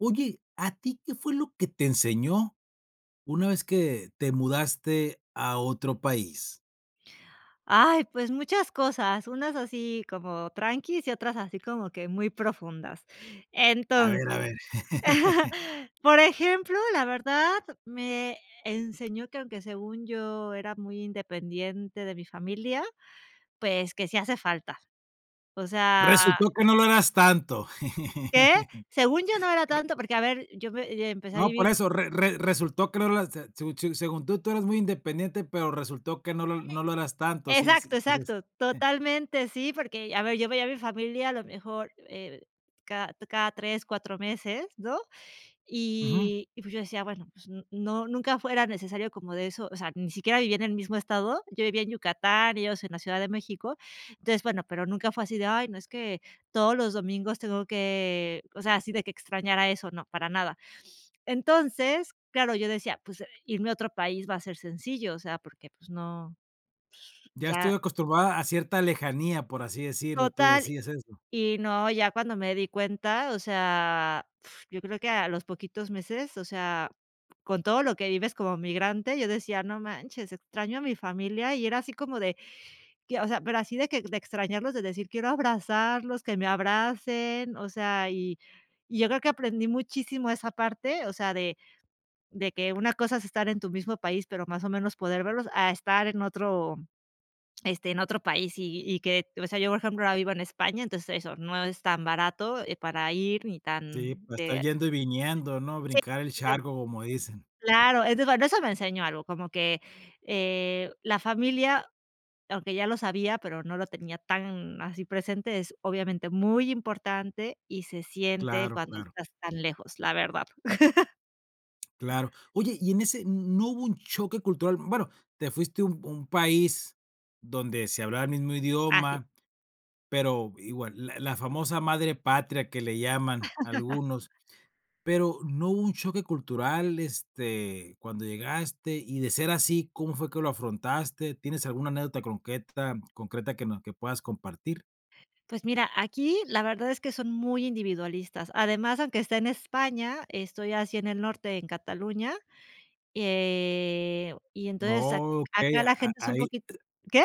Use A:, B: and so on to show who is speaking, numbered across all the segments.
A: Oye, ¿a ti qué fue lo que te enseñó, una vez que te mudaste a otro país?
B: Ay, pues, muchas cosas, unas así como tranquis, y otras así como que muy profundas,
A: A ver, a
B: entonces,
A: ver.
B: por ejemplo, la verdad me enseñó que aunque según yo era muy independiente de mi familia, pues, que sí hace falta, o sea
A: Resultó que no lo eras tanto.
B: que, según yo, no era tanto, porque a ver, yo me empecé a
A: No, por
B: vivir
A: eso re re resultó que no lo eras, se se según tú tú eres muy independiente, pero resultó que no lo
B: Oye,
A: no lo eras tanto, sí,
B: exacto,
A: sí, así es.
B: exacto totalmente sí, porque a ver, yo veía a mi familia a lo mejor, eh cada cada 3, 4 meses, ¿no?,
A: Ujú.
B: y y, pues, yo decía bueno, pues no, nunca fue era necesario como de eso, o sea, ni siquiera vivía en el mismo estado, yo vivía en Yucatán, ellos en la Ciudad de México, entonces, bueno, pero nunca fue así de: "Ay, no, es que todos los domingos tengo que...", o sea, así de que extrañara eso, no, para nada, entonces, claro, yo decía: "Pues irme a otro país va a ser sencillo", o sea, porque, pues, no
A: "Ya estoy
B: ya
A: acostumbrada a cierta lejanía", por así decirlo, tú
B: Total,
A: decías eso.
B: y no, ya cuando me di cuenta, o sea, yo creo que a los poquitos meses, o sea, con todo lo que vives como migrante, yo decía: "No manches, extraño a mi familia", y era así como de que, o sea, pero así de que de extrañarlos, de decir: "Quiero abrazarlos, que me abracen", o sea, y y yo creo que aprendí muchísimo esa parte, o sea, de de que una cosa es estar en tu mismo país, pero más o menos poder verlos a estar en otro, este, en otro país, y y que, o sea, yo por ejemplo ahora vivo en España, entonces eso no es tan barato, eh, para ir ni tan
A: Sí, para estar
B: de
A: yendo y viniendo, ¿no?
B: Sí..
A: Brincar el
B: [unintelligible]
A: charco, como dicen.
B: Claro, [unintelligible] no, eso me enseñó algo, como que, eh, la familia, aunque ya lo sabía, pero no lo tenía tan así presente, es obviamente, muy importante, y se siente
A: Claro,
B: cuando
A: claro.
B: estás tan lejos, la verdad.
A: Claro, oye, y en ese, ¿n no hubo un choque cultural?, bueno, te fuiste un un país donde se hablaba el mismo
B: Así.
A: idioma, pero igual, la la famosa madre patria, que le llaman algunos, pero, ¿no hubo un choque cultural, este, cuando llegaste?, y de ser así, ¿cómo fue que lo afrontaste?, ¿tienes alguna anécdota concreta- concreta que no que puedas compartir?
B: Pues mira, aquí la verdad es que son muy individualistas. Además, aunque esté en España, estoy así en el norte en Cataluña. Eh, y entonces a
A: Okey,
B: acá la
A: a a
B: gente es un
A: ahí.
B: poquito ¿qué?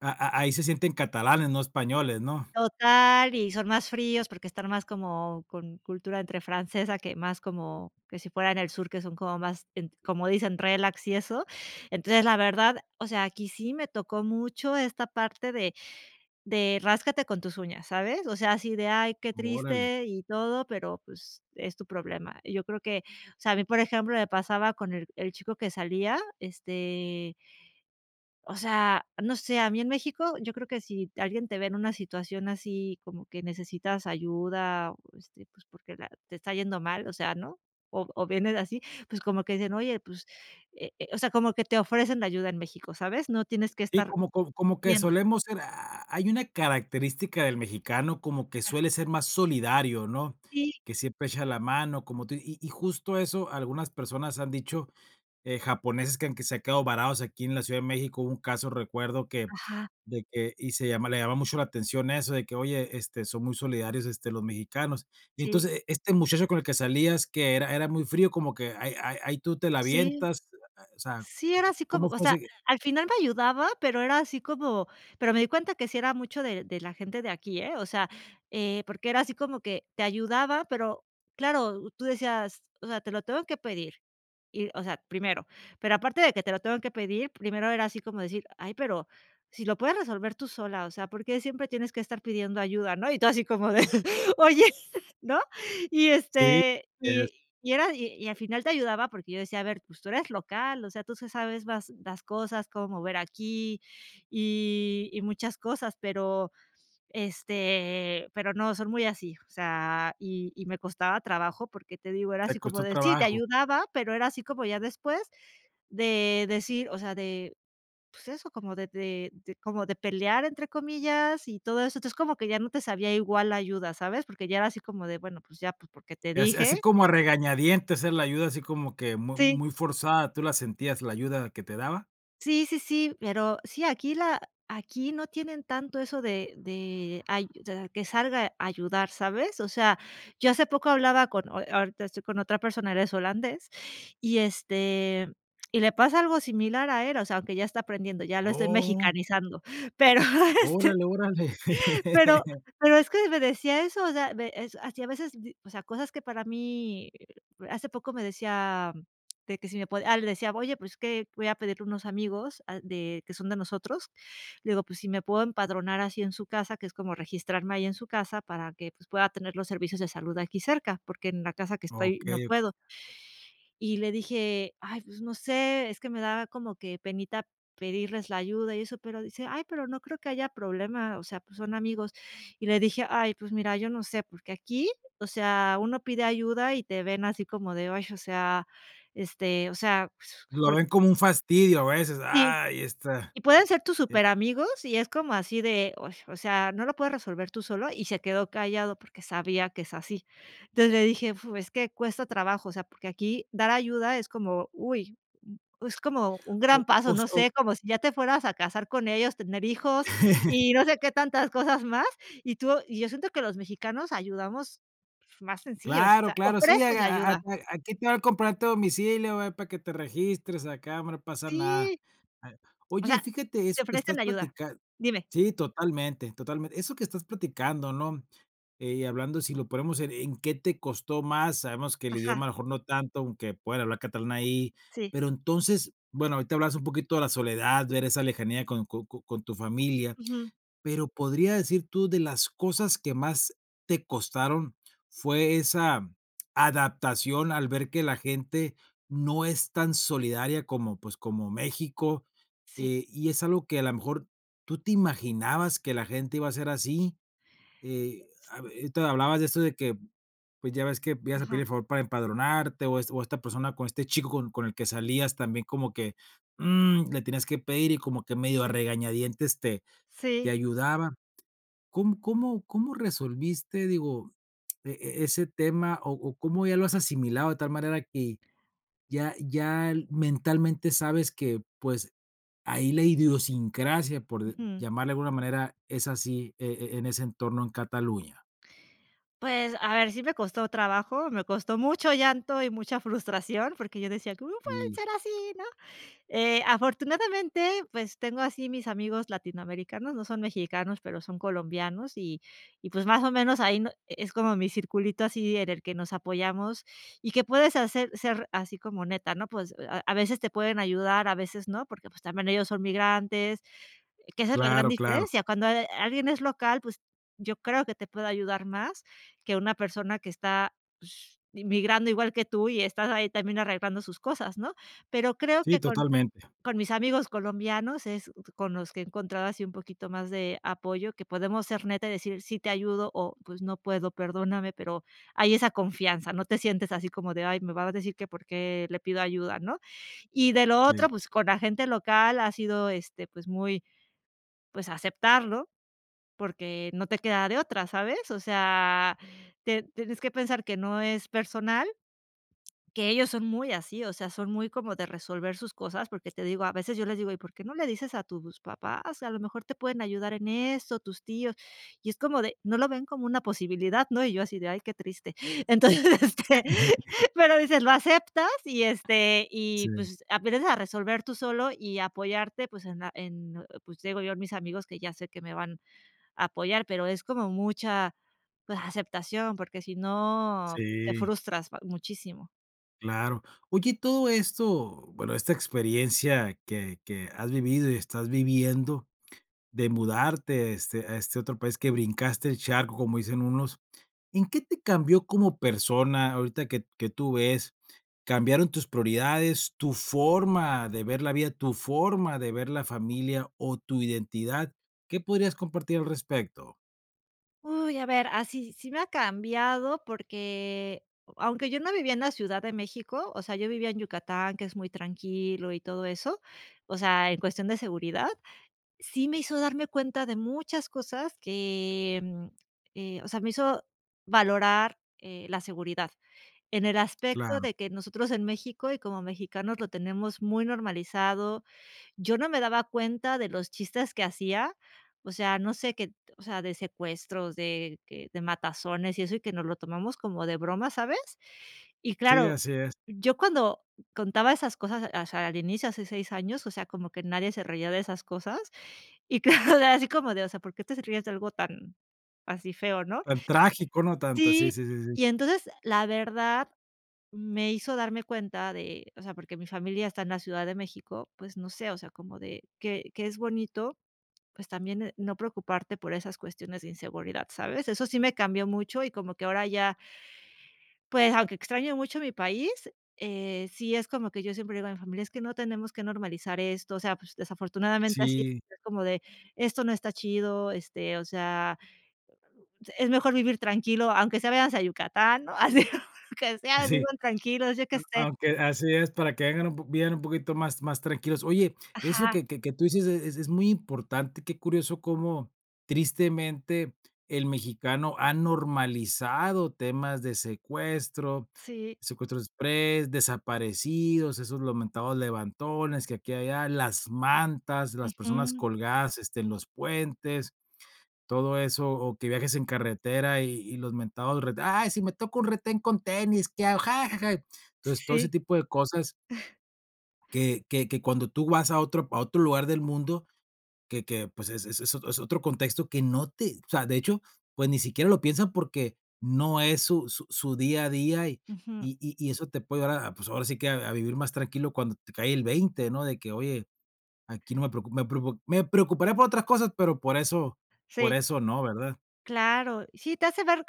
A: A a ahí se sienten catalanes, no españoles, ¿no?
B: Total, y son más fríos, porque están más como con cultura entre francesa, que más como que si fuera en el sur, que son como más en como dicen, relax y eso. Entonces, la verdad, o sea, aquí sí me tocó mucho esta parte de de ráscate con tus uñas, ¿sabes? O sea, así de, ay, qué
A: Órale.
B: triste, y todo, pero, pues, es tu problema. Y yo creo que, o sea, a mí, por ejemplo, me pasaba con el el chico que salía, este o sea, no sé, a mí en México, yo creo que si alguien te ve en una situación así como que necesitas ayuda, este, pues, porque la te está yendo mal, o sea, ¿no? O o vienes así, pues como que dicen, oye, pues, eh eh, o sea, como que te ofrecen ayuda en México, ¿sabes?, no tienes que
A: Sí,
B: estar
A: como co como que
B: yendo.
A: solemos ser, ah, hay una característica del mexicano como que
B: Ajá.
A: suele ser más solidario, ¿no?
B: Sí.
A: Que siempre echa la mano, como tú y y justo eso algunas personas han dicho, eh, japoneses que aunque se ha quedado varados aquí en la Ciudad de México, hubo un caso, recuerdo que
B: Ajá.
A: de que y se llama le llamaba mucho la atención eso, de que oye, este, son muy solidarios, este, los mexicanos. Y
B: Sí.
A: entonces, este muchacho con el que salías, que era era muy frío, como que ahí ahí ahí tú te la
B: Sí.
A: avientas, o sea,
B: Sí, era así como,
A: ¿cómo
B: o
A: fue
B: sea,
A: ese?
B: al final me ayudaba, pero era así como, pero me di cuenta que sí era mucho de de la gente de aquí, ¿eh? O sea, eh, porque era así como que te ayudaba, pero claro, tú decías, o sea, te lo tengo que pedir. Y, o sea, primero, pero aparte de que te lo tengo que pedir, primero era así como decir: "Ay, pero si lo puedes resolver tú sola, o sea. ¿Por qué siempre tienes que estar pidiendo ayuda, no?" Y tú así como de: "Oye", ¿no? Y
A: Sí.
B: este,
A: Es
B: y y era y al final te ayudaba porque yo decía: "A ver, pues tú eres local, o sea, tú te sabes más las cosas, cómo mover aquí, y y muchas cosas". Pero, este, pero no, son muy así, o sea, y y me costaba trabajo, porque te digo, era así
A: Te
B: como
A: costó
B: de sí, te
A: trabajo.
B: ayudaba, pero era así como ya después de decir, o sea, de, pues eso, como de de de como de "pelear" entre comillas y todo eso, entonces como que ya no te sabía igual la ayuda, ¿sabes? Porque ya era así como de, bueno, pues ya, pues porque te
A: Eh, así así
B: dije
A: como a regañadientes él la ayuda, ¿así como que muy
B: Sí.
A: muy forzada, tú la sentías la ayuda que te daba?
B: Sí, sí, sí, pero sí, aquí la aquí no tienen tanto eso de de ayu de que salga a ayudar, ¿sabes? O sea, yo hace poco hablaba con o ahorita estoy con otra persona, él es holandés, y este, y le pasa algo similar a él, o sea, aunque ya está aprendiendo, ya lo estoy
A: Oh.
B: mexicanizando. Pero, este,
A: Órale, órale.
B: pero pero es que me decía eso, o sea, ve es así a veces, o sea, cosas que para mí hace poco me decía de que si me po ah, le decía, oye, pues es que voy a pedirle a unos amigos, ah, de que son de nosotros. Le digo, pues si me puedo empadronar así en su casa, que es como registrarme ahí en su casa para que, pues, pueda tener los servicios de salud aquí cerca, porque en la casa que estoy no
A: Okey, okey.
B: puedo. Y le dije: "Ay, pues no sé, es que me daba como que penita pedirles la ayuda" y eso, pero dice: "Ay, pero no creo que haya problema, o sea, pues son amigos". Y le dije: "Ay, pues mira, yo no sé, porque aquí, o sea, uno pide ayuda" y te ven así como de, ay, o sea, este, o sea, pues
A: Lo
B: por
A: ven como un fastidio a veces,
B: sí.
A: ahí está.
B: Y pueden ser tus
A: Eh
B: superamigos, y es como así de, o s o sea, ¿no lo puedes resolver tú solo?, y se quedó callado porque sabía que es así. Entonces, le dije, fu, es que cuesta trabajo, o sea, porque aquí dar ayuda es como, uy, es como un
A: o
B: gran
A: o
B: paso, no
A: se o.
B: sé, como si ya te fueras a casar con ellos, tener hijos, y no sé qué tantas cosas más, y tú y yo siento que los mexicanos ayudamos más sencillos, o
A: Claro,
B: sea,
A: claro, sí, a
B: ofreces la
A: a a a
B: ayuda.
A: aquí te va el comprobante de domicilio, a ver, para que te registres, acá no pasa nada, ah.
B: Sí. O
A: Oye, y
B: sea,
A: fíjate
B: te
A: eso que
B: ofrecen
A: estás
B: la ayuda.
A: platicando
B: Dime.
A: sí, totalmente, totalmente. Eso que estás platicando, ¿no?, eh, y hablando si lo ponemos en ¿en qué te costó más? Sabemos que el idioma
B: Ajá.
A: a lo mejor no tanto, aunque pueda hablar catalán ahí.
B: Sí.
A: Pero entonces, bueno, ahorita hablas un poquito de la soledad, ver esa lejanía con co con con tu familia,
B: Ujú.
A: pero podrías decir tú de las cosas que más te costaron, fue esa adaptación al ver que la gente no es tan solidaria como, pues, como México,
B: Sí.
A: eh, y es algo que a la mejor, ¿tú te imaginabas que la gente iba a ser así? He,
B: sí.
A: habe entonces hablabas de esto de que, pues, ya ves que ibas a pedir
B: Ajá.
A: el favor para empadronarte o es o esta persona con este chico con con el que salías también como que mm, le tienes que pedir, y como que medio a regañadientes te te
B: Sí.
A: ayudaba. ¿Cómo cómo cómo resolviste, digo, e e ese tema, o o cómo ya lo has asimilado de tal manera que ya ya el mentalmente sabes que, pues, ahí la idiosincrasia, por de
B: Ujú.
A: llamarle de alguna manera, es así e e en ese entorno en Cataluña?
B: Pues, a ver, sí me costó trabajo, me costó mucho llanto y mucha frustración, porque yo decía, cómo pueden
A: Sí.
B: ser así, ¿no? Eh, afortunadamente, pues, tengo así mis amigos latinoamericanos, no son mexicanos, pero son colombianos, y y pues más o menos ahí no es como mi circulito así en el que nos apoyamos, y que puedes hacer ser así como neta, ¿no? Pues a a veces te pueden ayudar, a veces no, porque pues también ellos son migrantes, que esa es la gran
A: Claro, claro.
B: diferencia. Cuando, eh, alguien es local, pues yo creo que te puede ayudar más que una persona que está, pues, migrando igual que tú, y estás ahí también arreglando sus cosas, ¿no? Pero creo
A: Sí,
B: que con
A: totalmente.
B: con mis amigos colombianos es con los que he encontrado así un poquito más de apoyo, que podemos ser netas y decir, sí te ayudo, o pues no puedo, perdóname, pero hay esa confianza, no te sientes así como de, ay, me vas a decir que por qué le pido ayuda, ¿no? Y de lo otro,
A: Sí.
B: pues, con la gente local ha sido, este, pues, muy pues, aceptarlo, porque no te queda de otra, ¿sabes? O sea, te tienes que pensar que no es personal que ellos son muy así, o sea, son muy como de resolver sus cosas, porque te digo, a veces yo les digo: "¿Y por qué no le dices a tus papás? A lo mejor te pueden ayudar en eso, tus tíos". Y es como de no lo ven como una posibilidad, ¿no? Y yo así de: "Ay, qué triste". Entonces, este, pero dices, lo aceptas, y este, y
A: Sí.
B: pues aprendes a resolver tú solo y apoyarte, pues en la en en, pues te digo yo mis amigos que ya sé que me van a apoyar, pero es como mucha pues aceptación porque si no te
A: Sí.
B: frustras ba muchísimo.
A: Claro. Oye, todo esto, bueno, esta experiencia que que has vivido, y estás viviendo, de mudarte, este, a este otro país, que brincaste el charco, como dicen unos, ¿en qué te cambió como persona ahorita que que tú ves? ¿Cambiaron tus prioridades, tu forma de ver la vida, tu forma de ver la familia, o tu identidad? ¿Qué podrías compartir al respecto?
B: Uy, a ver, ah, sí sí me ha cambiado porque, eh, aunque yo no vivía en la Ciudad de México, o sea, yo vivía en Yucatán, que es muy tranquilo y todo eso, o sea, en cuestión de seguridad, sí me hizo darme cuenta de muchas cosas que, mm, eh, o sea, me hizo valorar, eh, la seguridad. En el aspecto
A: Claro.
B: de que nosotros en México y como mexicanos lo tenemos muy normalizado, yo no me daba cuenta de los chistes que hacía, o sea, no sé, que o sea, de secuestros, de que de matazones y eso, y que nos lo tomamos como de broma, ¿sabes? Y
A: Sí,
B: claro,
A: así es.
B: yo cuando contaba esas cosas, o sea, al inicio hace 6 años, o sea, como que nadie se reía de esas cosas, y claro, así como de o sea, porque te ríes de algo tan así feo, ¿no?
A: Tan trágico, no tan tan, sí,
B: Sí,
A: sí, sí, sí.
B: y entonces, la verdad me hizo darme cuenta de, o sea, porque mi familia está en la Ciudad de México, pues no sé, o sea, como de que que es bonito, pues también, eh, no preocuparte por esas cuestiones de inseguridad, ¿sabes? Eso sí me cambió mucho, y como que ahora ya pues aunque extraño mucho mi país, eh, sí es como que yo siempre le digo a mi familia, es que no tenemos que normalizar esto, o sea, pues, desafortunadamente así
A: Sí.
B: es, como de esto no está chido, este, o sea, eh, ah, uh, es mejor vivir tranquilo, aunque sea venganse a Yucatán, ¿no? Así aunque sean
A: Sí.
B: viven tranquilos, yo que
A: A
B: sé.
A: aunque así es, para que vengan un po vivan un poquito más más tranquilos. Oye, eso
B: Ajá.
A: que que qué tú dices es es es muy importante, qué curioso cómo tristemente el mexicano ha normalizado temas de secuestro,
B: Sí.
A: secuestro exprés, desaparecidos, esos los mentados levantones que aquí allá las mantas, las personas
B: Ujú.
A: colgadas, este, en los puentes, todo eso, o que viajes en carretera, y y los mentados, re ay, si me toca un retén con tenis, qué hago. Entonces, todo ese
B: Sí.
A: tipo de cosas que que que cuando tú vas a otro pa a otro lugar del mundo, que que pues es es es ot es otro contexto que no te o sea, de hecho, pues ni siquiera lo piensan porque no es su su su día a día, y
B: Ujú.
A: y y eso te puede ayudar a pues ahora sí que a a vivir más tranquilo cuando te cae el 20, ¿no? De que oye, aquí no me preocupo me preocu me preocuparé por otras cosas, pero por eso por
B: Sí.
A: eso no, ¿verdad?
B: Claro. Sí, te hace ver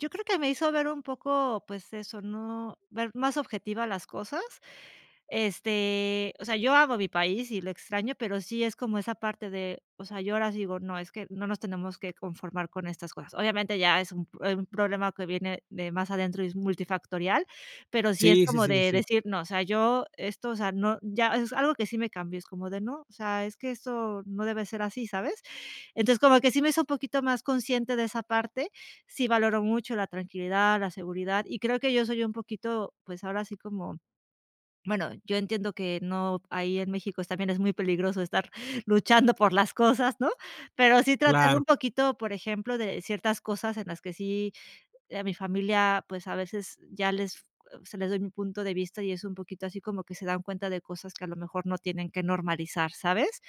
B: yo creo que me hizo ver un poco, pues, eso, ¿no?, ver más objetiva las cosas. Este, o sea, yo amo mi país, y lo extraño, pero sí, es como esa parte de o sea, yo ahora sí digo: "No, es que no nos tenemos que conformar con estas cosas". Obviamente, ya es un p eh, un problema que viene de más adentro y es multifactorial. Pero sí es
A: Sí, sí,
B: como
A: sí, sí,
B: de
A: sí.
B: decir: "No, o sea, yo esto, o sea, no ya", es algo que sí me cambio, es como de: "No, o sea, es que esto no debe ser así", ¿sabes? Entonces, como que sí me hizo un poquito más consciente de esa parte, sí valoro mucho la tranquilidad, la seguridad, Y creo que yo soy un poquito, pues, ahora sí como bueno, yo entiendo que no ahí en México es también es muy peligroso estar luchando por las cosas, ¿no?, pero sí tratar
A: Claro.
B: un poquito, por ejemplo, de ciertas cosas en las que sí a mi familia, pues, a veces, ya les f o sea, les doy mi punto de vista, y es un poquito así como que se dan cuenta de cosas que, a lo mejor, no tienen que normalizar, ¿sabes?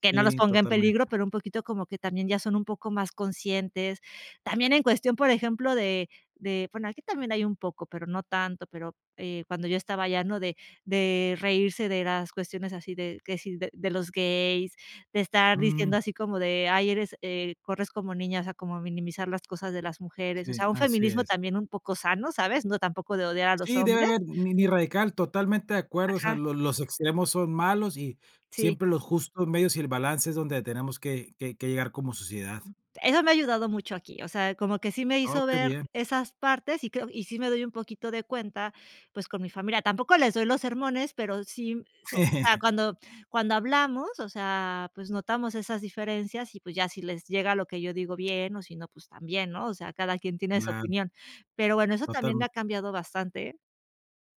B: Que no los
A: Sí,
B: ponga en peligro,
A: totalmente.
B: pero un poquito como que también ya son un poco más conscientes. También en cuestión, por ejemplo, de de bueno, aquí también hay un poco, pero no tanto, pero, eh, cuando yo estaba allá, ¿no?, de de reírse de las cuestiones así de que si de de los gays, de estar
A: Mm.
B: diciendo así como de: "Ay, eres, eh, corres como niña", o sea, como minimizar las cosas de las mujeres, o
A: Sí,
B: sea, un
A: así
B: feminismo
A: es.
B: también un poco sano, ¿sabes? No, tampoco de odiar a los
A: Sí, debe
B: hombres.
A: haber miniradical, totalmente de acuerdo. O sea,
B: Ajá.
A: lo los extremos son malos, y
B: Sí.
A: siempre lo justo medios y el balance es donde tenemos que que que llegar como sociedad.
B: Eso me ha ayudado mucho aquí, o sea, como que sí me
A: Oh,
B: hizo
A: qué
B: ver
A: bien.
B: esas partes, y creo y sí me doy un poquito de cuenta, pues, con mi familia. Tampoco les doy los sermones, pero sí m se ah, cuando cuando hablamos, o sea, pues, notamos esas diferencias. Y, pues, ya si les llega lo que yo digo, bien, o si no, pues, también, ¿no? O sea, cada quien tiene su
A: Claro.
B: opinión. Pero bueno, eso también
A: Totam
B: me ha cambiado bastante.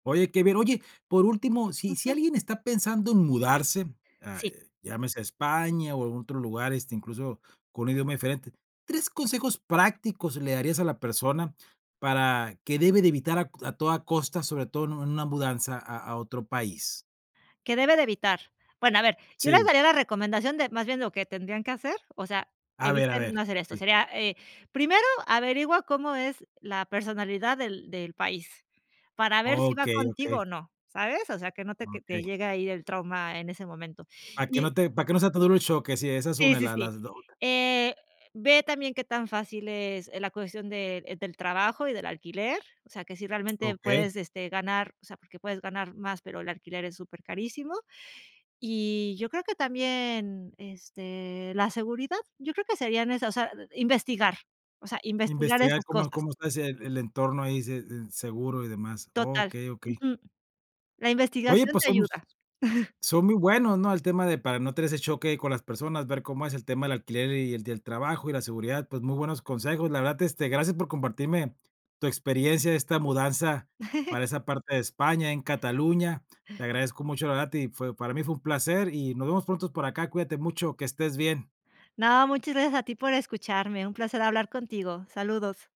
A: Oye qué bien. Oye, por último, si si
B: Ujú.
A: alguien está pensando en mudarse, a
B: Sí.
A: llámese a España, o en otro lugar, este, incluso, con un idioma diferente, 3 consejos prácticos le darías a la persona para que debe de evitar a a toda costa, sobre todo en una mudanza a a otro país.
B: Que debe de evitar. Bueno, a ver, yo les
A: Sí.
B: daría la recomendación de más bien lo que tendrían que hacer o sea,
A: A ver, a
B: eviten
A: ver,
B: no hacer esto,
A: sí.
B: sería, eh, primero averigua cómo es la personalidad del del país para ver si va
A: Okey,
B: contigo
A: okey.
B: o no, ¿sabes?O o sea, que no te que te
A: Okey.
B: llega ahí el trauma en ese momento,
A: Para que
B: y
A: no te para que no sea tan duro el choque, sí, esa es
B: sí,
A: una,
B: sí,
A: la las
B: sí.
A: [unintelligible]
B: Eh, ve también qué tan fácil es e la cuestión de del trabajo y del alquiler, o sea, que si realmente
A: Okey.
B: puedes, este, ganar o sea, porque puedes ganar más, pero el alquiler es súper carísimo. Y yo creo que también, este, la seguridad, yo creo que serían esas, o sea, investigar, o sea, investigar
A: Investigar
B: esas
A: cómo
B: cosas.
A: cómo está ese el entorno ahí, se s seguro y demás.
B: Total.
A: Okey, okey.
B: Ujú. La
A: Oye,
B: investigación
A: pues,
B: te
A: somos
B: ayuda.
A: son muy buenos, ¿no?, el tema de para no tener ese choque con las personas, ver cómo es el tema del alquiler, y el del trabajo y la seguridad. Pues muy buenos consejos, la verdad este gracias por compartirme tu experiencia de esta mudanza para esa parte de España en Cataluña. Te agradezco mucho, la verdad, y fue para mí fue un placer, y nos vemos pronto por acá, cuídate mucho, que estés bien.
B: No, muchas gracias a ti por escucharme, un placer hablar contigo. Saludos.